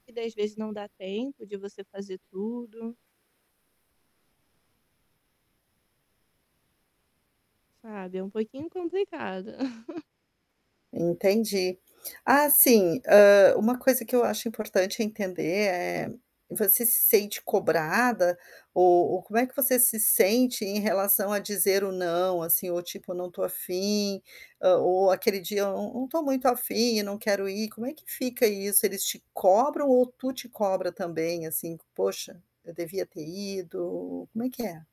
E 10 vezes não dá tempo de você fazer tudo. Sabe, é um pouquinho complicado. Entendi. Ah, sim, ah, uma coisa que eu acho importante entender é, você se sente cobrada ou ou como é que você se sente em relação a dizer o: "Não.", assim? Ou, tipo: "Eu não estou afim.", hã, ou aquele dia: "Eu eu eu não estou muito afim e não quero ir.", como é que fica isso? Eles te cobram ou tu te cobra também, assim: "Poxa, eu devia ter ido.", como é que é?